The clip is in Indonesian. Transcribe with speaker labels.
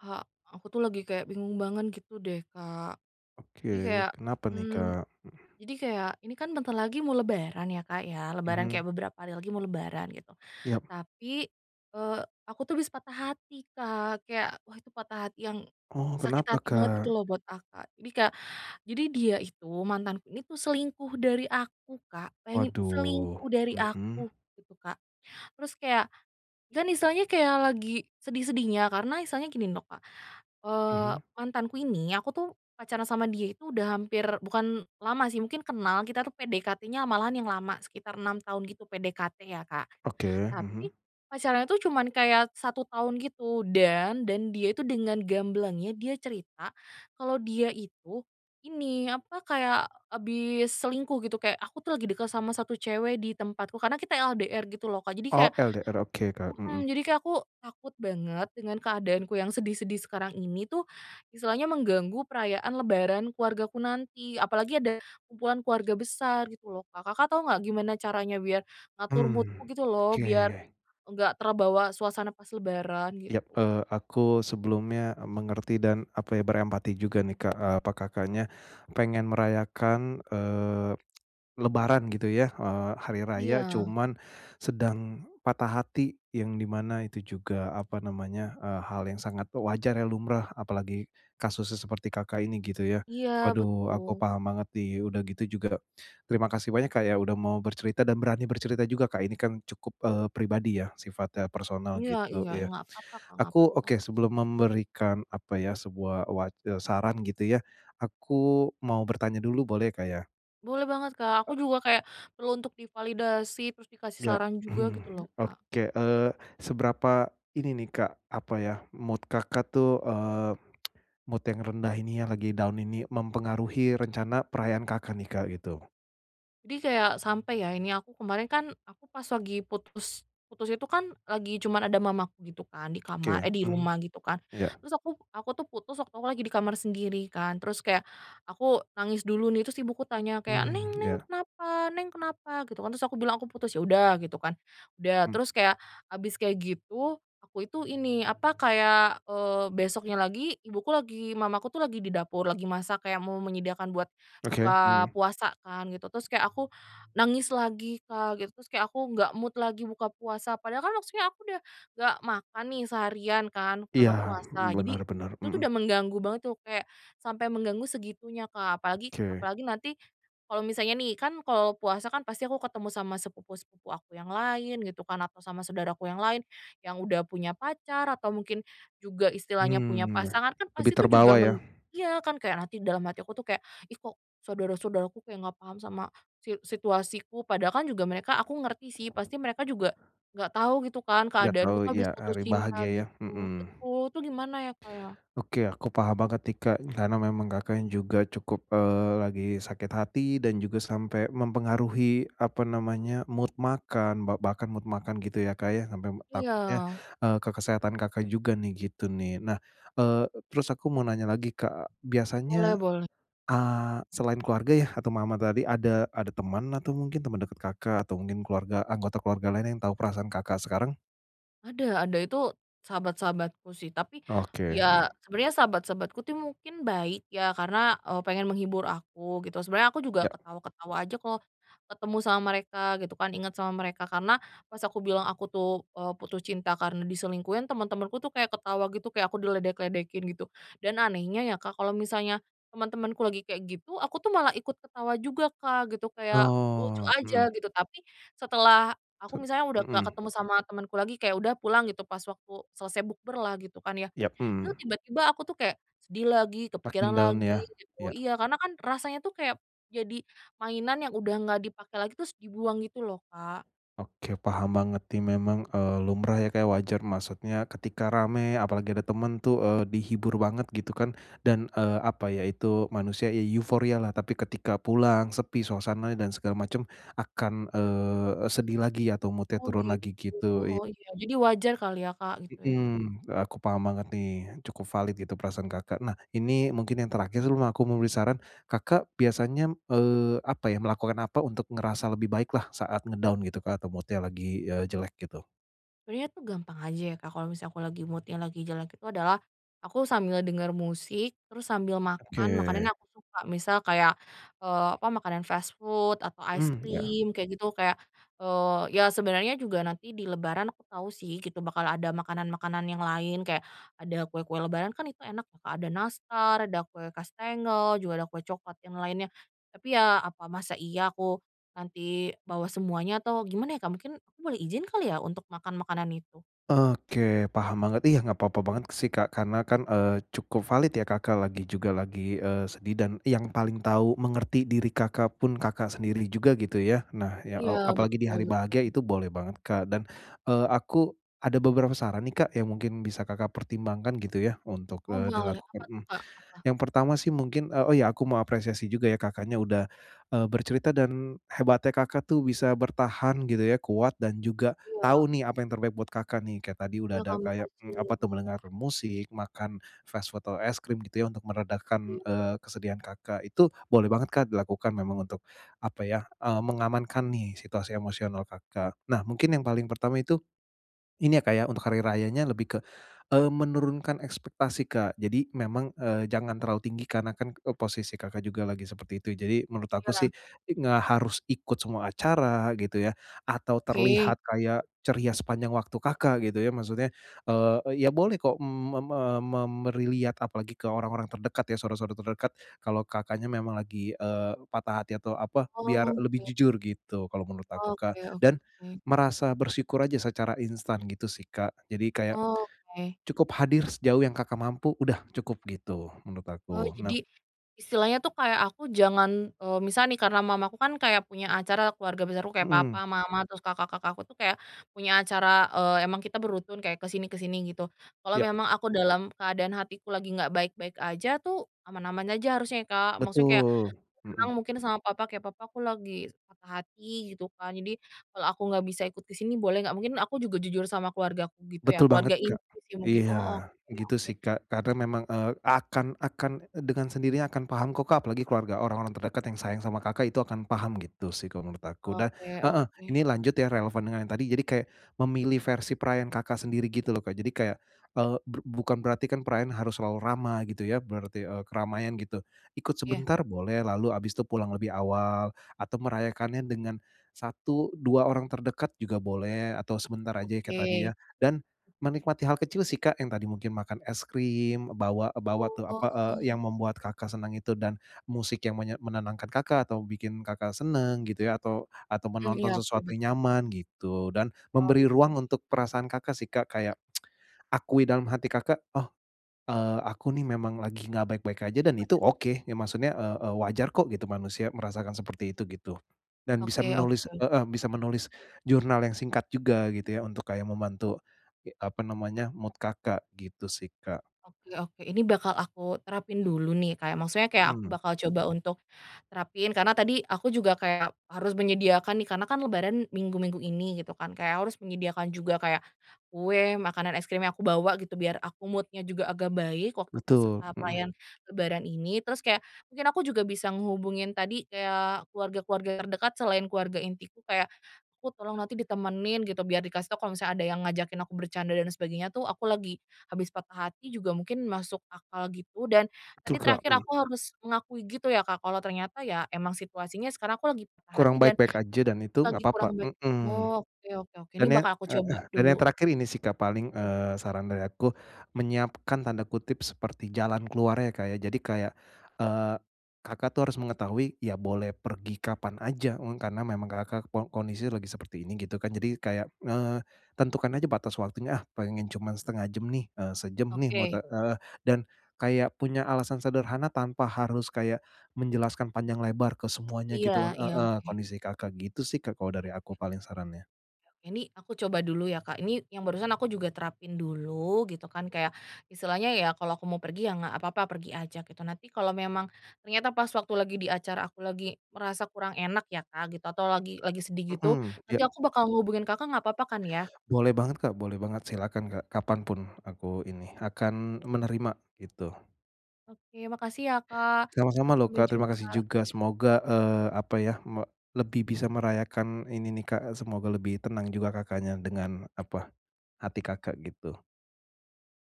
Speaker 1: Kak, aku tuh lagi kayak bingung banget gitu deh, Kak.
Speaker 2: Oke.
Speaker 1: Jadi kayak,
Speaker 2: Kenapa nih,
Speaker 1: mmm
Speaker 2: Kak? Mhm.
Speaker 1: jadi kayak, ini kan bentar lagi mau lebaran ya, Kak, ya. Lebaran
Speaker 2: Mhm.
Speaker 1: kayak beberapa hari lagi mau lebaran, gitu.
Speaker 2: Ya.
Speaker 1: Tapi, eee, aku tuh habis patah hati, Kak. Kayak, wah itu patah hati yang
Speaker 2: Oh,
Speaker 1: sakit
Speaker 2: kenapa,
Speaker 1: hati banget,
Speaker 2: Kak?
Speaker 1: gitu lo, buat akak. Jadi kayak, jadi dia itu, mantanku ini tuh selingkuh dari aku, Kak. Bayangin,
Speaker 2: Waduh,
Speaker 1: selingkuh dari
Speaker 2: mhm.
Speaker 1: aku, gitu, Kak. Terus kayak, kan istilahnya kayak lagi sedih-sedihnya, karena istilahnya gini loh, Kak. Eee,
Speaker 2: Mhm.
Speaker 1: mantanku ini, aku tuh pacaran sama dia itu udah hampir bukan lama sih, mungkin kenal. Kita tuh PDKT-nya malahan yang lama, sekitar 6 tahun gitu. PDKT ya, Kak.
Speaker 2: Oke, mhm.
Speaker 1: Tapi, pacarannya itu cuman kayak 1 tahun gitu. Dan, dan dia itu dengan gamblangnya dia cerita, kalau dia itu ini, apa, kayak habis selingkuh, gitu. Kayak, "Aku tuh lagi dekat sama 1 cewek di tempatku." Karena kita LDR gitu lo, Kak. Jadi
Speaker 2: Oh,
Speaker 1: kayak
Speaker 2: LDR. Oke, Kak, mhm.
Speaker 1: mhm. Jadi kayak aku takut banget dengan keadaanku yang sedih-sedih sekarang ini tuh, istilahnya mengganggu perayaan lebaran keluargaku nanti. Apalagi ada kumpulan keluarga besar, gitu lo, Kak. Kakak tahu enggak, gimana caranya biar ngatur mood-ku,
Speaker 2: Mmm,
Speaker 1: gitu lo, biar
Speaker 2: oke.
Speaker 1: enggak terbawa suasana pas lebaran,
Speaker 2: Iya.
Speaker 1: gitu?
Speaker 2: Eee, aku sebelumnya, e mengerti dan, apa ya, berempati juga, nih, Kak, eee, apa, Kakaknya pengen merayakan, eee, lebaran, gitu ya, eee, hari raya,
Speaker 1: Iya.
Speaker 2: cuman sedang patah hati, yang di mana itu juga, apa namanya, eee, hal yang sangat wajar ya, lumrah. Apalagi kasusnya seperti Kakak ini, gitu ya.
Speaker 1: Iya,
Speaker 2: Waduh, aku
Speaker 1: betul.
Speaker 2: paham banget, nih. Udah gitu juga, terima kasih banyak, Kak, ya, udah mau bercerita dan berani bercerita juga, Kak. Ini kan cukup, eee, pribadi ya, sifatnya personal,
Speaker 1: Iya
Speaker 2: gitu
Speaker 1: iya.
Speaker 2: ya.
Speaker 1: Enggak apa-apa, Kak, enggak
Speaker 2: Aku
Speaker 1: apa-apa.
Speaker 2: oke sebelum memberikan, apa ya, sebuah wac eee, saran gitu ya, aku mau bertanya dulu boleh ya, Kak, ya?
Speaker 1: Boleh banget, Kak.
Speaker 2: E
Speaker 1: Aku juga kayak perlu untuk divalidasi, terus dikasih
Speaker 2: Iya.,
Speaker 1: saran juga gitu loh, Kak.
Speaker 2: oke. Eee, seberapa ini nih Kak, apa ya, mood Kakak tuh, eee, mood yang rendah ini ya, lagi down ini mempengaruhi rencana perayaan Kakak nih Kak, gitu?
Speaker 1: Jadi kayak sampai ya ini, aku kemarin kan aku pas lagi putus putus itu kan lagi cuman ada mamaku gitu kan di
Speaker 2: Oke
Speaker 1: kamar
Speaker 2: ya,
Speaker 1: eh, di
Speaker 2: mmm.
Speaker 1: rumah gitu kan,
Speaker 2: Iya.
Speaker 1: terus aku aku tuh putus waktu aku lagi di kamar sendiri kan, terus kayak aku nangis dulu nih, terus ibuku tanya kayak, "Neng
Speaker 2: Mmm,
Speaker 1: neng
Speaker 2: iya.
Speaker 1: kenapa? Neng kenapa?" Gitu kan, terus aku bilang, "Aku putus." ya udah gitu kan, udah.
Speaker 2: Mmm.
Speaker 1: Terus kayak habis kayak gitu, aku itu ini, apa, kayak, eee, besoknya lagi, ibuku lagi mamaku tuh lagi di dapur lagi masak kayak mau menyediakan buat
Speaker 2: Oke,
Speaker 1: buka
Speaker 2: mhm.
Speaker 1: puasa kan gitu. Terus kayak aku nangis lagi Kak, gitu. Terus kayak aku enggak mood lagi buka puasa. Padahal kan maksudnya aku udah enggak makan nih seharian kan
Speaker 2: Iya,
Speaker 1: karena puasa, jadi
Speaker 2: benar benar,
Speaker 1: itu tuh
Speaker 2: mhm.
Speaker 1: udah mengganggu banget tuh, kayak sampai mengganggu segitunya, Kak. Apalagi
Speaker 2: Oke.
Speaker 1: apalagi nanti kalau misalnya nih, kan kalau puasa kan pasti aku ketemu sama sepupu-sepupu aku yang lain gitu kan atau sama saudara aku yang lain, yang sudah punya pacar atau mungkin juga istilahnya punya
Speaker 2: Mmm, iya,
Speaker 1: pasangan, kan
Speaker 2: lebih
Speaker 1: pasti itu juga
Speaker 2: terbawa ya?
Speaker 1: meng iya, kan kayak nanti dalam hati aku tuh kayak, "Ih, kok, saudara-saudara aku kayak enggak paham sama si situasiku." Padahal kan juga mereka aku ngerti sih, pasti mereka juga enggak tahu gitu kan
Speaker 2: Iya tahu,
Speaker 1: keadaanku tuh habis
Speaker 2: iya,
Speaker 1: putus
Speaker 2: hari
Speaker 1: cinta
Speaker 2: bahagia ya?
Speaker 1: gitu.
Speaker 2: Mhm.
Speaker 1: Betul. Itu gimana ya, Kak, ya?
Speaker 2: Oke. Aku paham banget nih Kak, karena memang Kakaknya juga cukup, eee, lagi sakit hati dan juga sampe mempengaruhi, apa namanya, mood makan, ba bahkan mood makan gitu ya Kak ya, sampe, m takutnya,
Speaker 1: Iya.
Speaker 2: eee, ke kesehatan Kakak juga nih, gitu nih. Nah, eee eee, terus aku mau nanya lagi, Kak. Biasanya,
Speaker 1: Boleh boleh.
Speaker 2: a selain keluarga yah atau mama tadi ada ada teman atau mungkin teman dekat Kakak, atau mungkin keluarga anggota keluarga lain yang tahu perasaan Kakak, sekarang?
Speaker 1: Ada ada. Itu sahabat-sahabatku sih, tapi
Speaker 2: Oke,
Speaker 1: iya
Speaker 2: mhm.
Speaker 1: sebenarnya sahabat-sahabatku tuh mungkin baik ya karena, eee, pengen menghibur aku gitu. Sebenarnya aku juga
Speaker 2: Iya.
Speaker 1: ketawa-ketawa aja kalau ketemu sama mereka gitu kan, inget sama mereka karena pas aku bilang aku tuh, eee, putus cinta karena diselingkuhin, teman-temanku tuh kayak ketawa gitu, kayak aku diledek-ledekin gitu, dan anehnya ya Kak, kalau misalnya teman-temanku lagi kayak gitu, aku tuh malah ikut ketawa juga Kak, gitu. Kayak lucu
Speaker 2: Oh,
Speaker 1: aja
Speaker 2: mhm.
Speaker 1: gitu, tapi setelah
Speaker 2: Se
Speaker 1: aku misalnya udah enggak
Speaker 2: mhm.
Speaker 1: ketemu sama temanku lagi, kayak udah pulang gitu pas waktu selesai bukberlah gitu kan ya,
Speaker 2: Iya,
Speaker 1: itu
Speaker 2: mhm.
Speaker 1: tiba-tiba aku tuh kayak sedih lagi,
Speaker 2: Makin
Speaker 1: kepikiran
Speaker 2: down
Speaker 1: lagi,
Speaker 2: ya?
Speaker 1: gitu.
Speaker 2: Iya.
Speaker 1: Iya, karena kan rasanya tuh kayak jadi mainan yang udah enggak dipakai lagi, terus dibuang gitu loh, Kak.
Speaker 2: Oke. Paham banget nih, memang, eee, lumrah ya Kak, wajar maksudnya ketika rame apalagi ada teman tuh, eee, dihibur banget gitu kan, dan, eee, apa ya itu, manusia i euforialah, tapi ketika pulang sepi suasananya dan segala macam akan, eee eee, sedih lagi atau mood-nya
Speaker 1: Oh,
Speaker 2: turun lagi
Speaker 1: gitu.
Speaker 2: gitu, iya.
Speaker 1: Oh, iya. Jadi wajar kali ya Kak, gitu ya?
Speaker 2: Mhm, aku paham banget nih, cukup valid gitu perasaan Kakak. Nah, ini mungkin yang terakhir sebelum aku memberi saran, Kakak biasanya m eee, apa ya, melakukan apa untuk ngerasa lebih baiklah saat nge-down gitu Kak, atau mood-nya lagi, eee, jelek, gitu?
Speaker 1: Sebenarnya itu gampang aja ya, Kak, kalau misalnya aku lagi mood-nya lagi jelek itu adalah, aku sambil dengar musik, terus sambil
Speaker 2: Oke.
Speaker 1: makan makanannya aku suka, misal kayak, eee, apa, makanan fast food atau ice
Speaker 2: Mmm, ya.
Speaker 1: cream kayak gitu, kayak, eee, ya sebenarnya juga nanti di lebaran aku tahu sih, gitu, bakal ada makanan-makanan yang lain. Kayak ada kue-kue lebaran kan itu enak ya, Kak, ada nastar, ada kue kastengel juga ada kue coklat yang lainnya. Tapi ya, apa masa iya aku nanti bawa semuanya atau gimana ya, Kak, mungkin aku boleh izin kali ya untuk makan makanan itu?
Speaker 2: Oke, paham banget, iya, enggak papa banget sih, Kak, karena kan, eee, cukup valid ya, Kakak lagi juga lagi, eee, sedih, dan yang paling tahu, mengerti diri Kakak pun, Kakak sendiri juga, gitu ya. Nah ya, e
Speaker 1: Iya.
Speaker 2: apalagi di
Speaker 1: Betul
Speaker 2: hari bahagia
Speaker 1: betul.
Speaker 2: itu boleh banget, Kak, dan, eee, aku ada beberapa saran nih, Kak, yang mungkin bisa Kakak pertimbangkan gitu ya, untuk,
Speaker 1: Oh,
Speaker 2: eee,
Speaker 1: boleh.
Speaker 2: dilakukan,
Speaker 1: Apa
Speaker 2: mhm.
Speaker 1: tuh, Kak, apa?
Speaker 2: Yang pertama sih mungkin, e oh ya, aku mau apresiasi juga ya Kakaknya udah, eee, bercerita dan, hebatnya Kakak tuh bisa bertahan gitu ya, kuat dan juga tau
Speaker 1: Iya.
Speaker 2: nih, apa yang terbaik buat Kakak nih. Kayak tadi udah
Speaker 1: Iya,
Speaker 2: ada
Speaker 1: Kak,
Speaker 2: kayak,
Speaker 1: makasih
Speaker 2: mmm, apa
Speaker 1: ya.
Speaker 2: tuh mendengar musik, makan fast food, atau es krim gitu ya, untuk meredakan,
Speaker 1: Iya.
Speaker 2: eee, kesedihan Kakak itu, boleh banget, Kak, dilakukan, memang untuk, apa ya, eee, mengamankan nih situasi emosional Kakak. Nah mungkin yang paling pertama itu, ini ya, Kak, ya, untuk hari rayanya lebih ke, eee, menurunkan ekspektasi, Kak, jadi memang, eee, jangan terlalu tinggi karena kan e posisi Kakak juga lagi seperti itu. Jadi, menurut aku
Speaker 1: Iya.
Speaker 2: sih i nggak harus ikut semua acara, gitu ya, atau
Speaker 1: Ke
Speaker 2: terlihat kayak ceria sepanjang waktu Kakak gitu ya, maksudnya, eee, e ya boleh kok, mmm, mem e mem meriliat apalagi ke orang-orang terdekat ya, saudara-saudara terdekat, kalau Kakaknya memang lagi, eee, patah hati atau apa, biar lebih
Speaker 1: Oke.
Speaker 2: jujur gitu kalau menurut
Speaker 1: Oke
Speaker 2: aku, Kak.
Speaker 1: oke
Speaker 2: Dan
Speaker 1: oke.
Speaker 2: merasa bersyukur aja secara instan gitu sih, Kak. Jadi kayak
Speaker 1: Oke.
Speaker 2: cukup hadir sejauh yang Kakak mampu, udah cukup, gitu, menurut
Speaker 1: Oh
Speaker 2: aku. Nah
Speaker 1: jadi, istilahnya tuh kayak aku jangan, eee, misal nih karena mamaku kan kayak punya acara, keluarga besarku kayak
Speaker 2: Mhm.
Speaker 1: papa, mama, terus kakak-kakakku tuh kayak punya acara, eee, emang kita berutun, kayak ke sini ke sini gitu. Kalau
Speaker 2: Ya.
Speaker 1: memang aku dalam keadaan hatiku lagi nggak baik-baik aja tuh, aman-aman aja harusnya ya, Kak, maksudnya kayak
Speaker 2: Betul.
Speaker 1: bilang
Speaker 2: Mhm.
Speaker 1: mungkin sama papa, kayak, "Papa aku lagi patah hati" gitu kan, "jadi, kalau aku nggak bisa ikut ke sini boleh nggak?" Mungkin aku juga jujur sama keluargaku gitu ya,
Speaker 2: Betul banget,
Speaker 1: keluarga
Speaker 2: Kak,
Speaker 1: inti sih mungkin. Oh,
Speaker 2: iya,
Speaker 1: oke
Speaker 2: gitu
Speaker 1: oke.
Speaker 2: sih, Kak. Karena memang, eee, akan akan dengan sendirinya akan paham kok, Kak, apalagi keluarga, orang-orang terdekat yang sayang sama Kakak itu akan paham gitu sih, kalau menurut aku. Dan
Speaker 1: Oke
Speaker 2: heeh,
Speaker 1: oke.
Speaker 2: ini lanjut ya, relevan dengan yang tadi, jadi kayak memilih versi perayaan Kakak sendiri gitu loh, Kak. Jadi kayak, eee, bru bukan berarti kan perayaan harus selalu ramai, gitu ya, berarti, eee, keramaian gitu, ikut
Speaker 1: Iya.
Speaker 2: sebentar boleh, lalu abis itu pulang lebih awal. Atau merayakannya dengan 1, 2 orang terdekat juga boleh, atau sebentar aja kayak tadi ya.
Speaker 1: Oke.
Speaker 2: Dan menikmati hal kecil sih, Kak, yang tadi mungkin makan es krim, bawa bawa, tuh apa, eee,
Speaker 1: Oh.
Speaker 2: yang membuat Kakak senang itu dan, musik yang menye menenangkan Kakak, atau bikin Kakak senang gitu ya, atau atau
Speaker 1: Mhm,
Speaker 2: menonton
Speaker 1: iya, oke,
Speaker 2: sesuatu yang
Speaker 1: benar.
Speaker 2: nyaman, gitu. Dan, memberi ruang
Speaker 1: Oke.
Speaker 2: untuk perasaan Kakak sih, Kak, kayak akui dalam hati Kakak, "Oh, eee, aku nih memang lagi enggak baik-baik aja dan
Speaker 1: Gimana?
Speaker 2: itu oke." Ya maksudnya, e e wajar kok gitu, manusia merasakan seperti itu, gitu. Dan bisa
Speaker 1: Oke oke
Speaker 2: menulis
Speaker 1: oke.
Speaker 2: heeh, bisa menulis, jurnal yang singkat juga, gitu ya, untuk kayak membantu, ge apa namanya, mood Kakak, gitu sih, Kak.
Speaker 1: Oke oke, ini bakal aku terapin dulu nih, kayak maksudnya kayak aku
Speaker 2: Mhm.
Speaker 1: bakal coba untuk terapin, karena tadi aku juga kayak harus menyediakan nih karena kan lebaran minggu-minggu ini gitu kan, kayak harus menyediakan juga kayak kue, makanan es krim yang aku bawa gitu, biar aku mood-nya juga agak baik, waktu pas, e
Speaker 2: Betul, mhm.
Speaker 1: perayaan lebaran ini. Terus kayak, mungkin aku juga bisa ngehubungin tadi kayak keluarga-keluarga terdekat, selain keluarga intiku kayak, "Aku tolong nanti ditemenin," gitu, biar dikasih tahu kalau misalnya ada yang ngajakin aku bercanda dan sebagainya tuh aku lagi, habis patah hati juga mungkin masuk akal gitu, dan
Speaker 2: Betul,
Speaker 1: tadi
Speaker 2: Kak,
Speaker 1: terakhir
Speaker 2: mhm.
Speaker 1: aku harus mengakui gitu ya, Kak, kalau ternyata ya memang situasinya sekarang aku lagi patah
Speaker 2: Kurang
Speaker 1: hati dan
Speaker 2: baik-baik aja dan itu enggak
Speaker 1: lagi
Speaker 2: papa
Speaker 1: kurang baik.
Speaker 2: mhm.
Speaker 1: Oke oke oke,
Speaker 2: Dan
Speaker 1: ini
Speaker 2: ya
Speaker 1: bakal aku coba
Speaker 2: heeh, dan yang
Speaker 1: dulu.
Speaker 2: terakhir ini sih, Kak, paling,
Speaker 1: Tuh,
Speaker 2: eee,
Speaker 1: Kak.
Speaker 2: saran dari aku, menyiapkan tanda kutip seperti "jalan keluarnya," Kak, ya. Jadi kayak, eee, Kakak tuh harus mengetahui, ya boleh pergi kapan aja, e karena memang Kakak kon kondisi lagi seperti ini, gitu kan. Jadi kayak, eee, tentukan aja batas waktunya, "Ah pengen cuman setengah jam nih, eee, sejam nih, mau te"
Speaker 1: Oke.
Speaker 2: heeh. Dan, kayak punya alasan sederhana tanpa harus kayak, menjelaskan panjang lebar ke semuanya
Speaker 1: Iya
Speaker 2: gitu
Speaker 1: iya,
Speaker 2: heeh,
Speaker 1: oke.
Speaker 2: kondisi Kakak, gitu sih, Kak kalau dari
Speaker 1: Ya,
Speaker 2: aku
Speaker 1: oke.
Speaker 2: paling sarannya.
Speaker 1: Ya, ini aku coba dulu ya, Kak, ini yang barusan aku juga terapin dulu gitu kan, kayak, istilahnya ya kalau aku mau pergi, ya enggak apa-apa pergi aja gitu. Nanti kalau memang ternyata pas waktu lagi di acara aku lagi, merasa kurang enak ya Kak, gitu, atau lagi lagi sedih gitu,
Speaker 2: Mhm,
Speaker 1: nanti
Speaker 2: ya.
Speaker 1: aku bakal menghubungi Kakak enggak papa kan ya?
Speaker 2: Boleh banget, Kak, boleh banget. Silahkan, Kak, kapan pun, aku ini, akan menerima, gitu.
Speaker 1: Oke. Makasih ya, Kak.
Speaker 2: Sama-sama loh,
Speaker 1: Sampai
Speaker 2: Kak. Terima kasih
Speaker 1: jumpa.
Speaker 2: juga, semoga, eee, apa ya, me lebih bisa merayakan ini nih, Kak. Semoga lebih tenang juga Kakaknya dengan, apa, hati Kakak gitu.